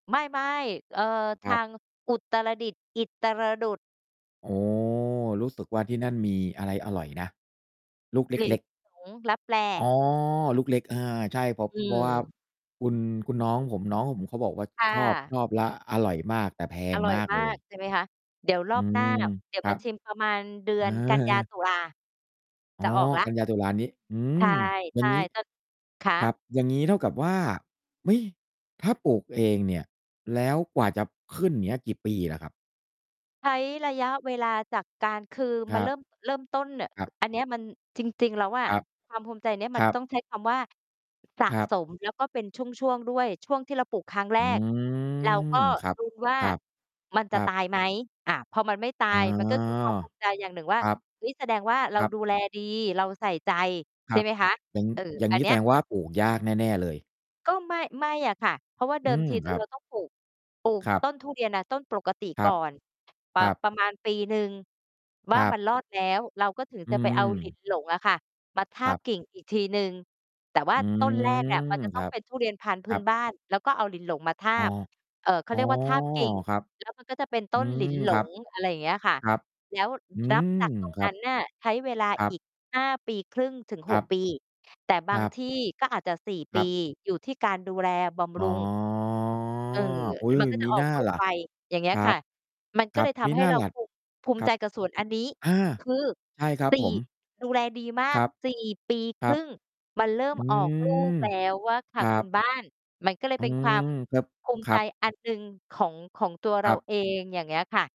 ไม่ ๆ เอ่อ ทครัาบ งอุตรดิตถ์ อิตรดุต โอ้ รู้สึกว่าที่นั่นมีอะไรอร่อยนะ? ลูกเหลินล็ก ๆ หลง ลับแล อ๋อ ลูกเล็ก อา ใช่เพราะ อืเพราะว่าม คุณ คุณน้องผม น้องผมเขาบอกว่าค่ครอบ ะ ชอบและอร่อยมาก แต่แพองร่อมยากมาเลกย ใช่ไหมคะ เดี๋ยวรออืบหน้ม า เดี๋ยวครมัาบ ชิมประมาณเดืเออนกันยา อ ตุลา อจะ๋อ ออกแล้ว กันยา ตุลานี้ อืใช่ ม อยใ่ชา่ งงี้ ต คครัะ? บ อย่างงี้เท่ากับว่า เฮ้ย! ถ้าปลูกเองเนี่ย แล้วกว่าจะขึ้น เงี้ย กี่ปีล่ะครับ? ใช้ระยะเวลาจากการ คือคมัรนัเริบ ่ม เริ่มต้นแบบ ครับ อันเนี้ย มันจริง ๆ แล้วอะครับ ความภูมิใจเนี้ย มคันรัตบ ้องใช้คำว่า สะครัสบ ม แล้วก็เป็นช่วง ๆ ด้วย ช่วงที่เราปลูกครั้งแรอืก เรากม ็ครับ ลุ้นว่าครับ มันคจะรัตบ ายไหม อา พอมันไม่ตาอ๋อ ยมันก็ คือความภูมิใจ อย่างหนึ่งว่า ครับ "เฮ้ย แสดงว่าเครารับ ดูแลดี เราใส่ใจ" คใชร่ัไบ หมคะ อย่าง เออ อย่าองังนี้เนแีส้ย ดงว่าปลูกยากแน่ ๆ เลย ก็ไม่ ไม่อะค่ะ เพราะว่าเดอืิมม ที เคอรอ ัเบ รา ต้องปลูก ปลูกครับ ต้นทุเรียนอะ ต้นปกติครกั่บ อน อ่า ครับ ประมาณปีหนึ่ง วค่ารัมบ ันรอดแล้ว เราก็ถึงอืจะไปเอา หลิม นหลง อะค่ะ มาทาครบับ กิ่งอีกทีหนึ่ง แต่ว่าอืต้นแรกม อะมันจะคต้อรังบ เป็นทุเรียนพันธุ์พคืร้ันบ บ้าน แล้วก็เอาหลินหลงมาทาอ้อ บ เอ่อ เขอา๋เอ รียกว่าทาบกิ่ง ครับ แล้วมัน ก็จะเป็นตอื้นหลิม น หลครับ ง อะไรอย่างเงี้ยค่ะ ครับ แล้วอืรับม จากตรงครนัั้บ นน่ะใช้เวลาครัอบ ีก 5 ปีครึ่งถึง คหรัก บ ปี แต่บคารงับ ที่ก็อาจจะ 4 คปรัี บ อยู่ที่การดูแลบำอ๋รอ ุง เออ อุ๊ย มันก็มจะิออน่กาลูกล่ะ ไว อย่างเงี้คยรัค่บ ะ มันคก็รัเลบ ยทมิำให้น่าเราล่ะ ภูมิ ภูมคิรัใจบ กับสวนอันนี้ อา คือ ใช่ครับสีผ่ ม ดูแลดีมาครก ับ 4 ปีคครรัึบ ่ง มันเริ่อมืออกลูกม แล้วอะค่คะรัคุบ ณบ้าน มันก็เลยอืเป็นความ มครับ ภูมคิใรจับ อันหนึ่งของ ของตัวเครราับ เอง อย่างเงี้ยค่ะ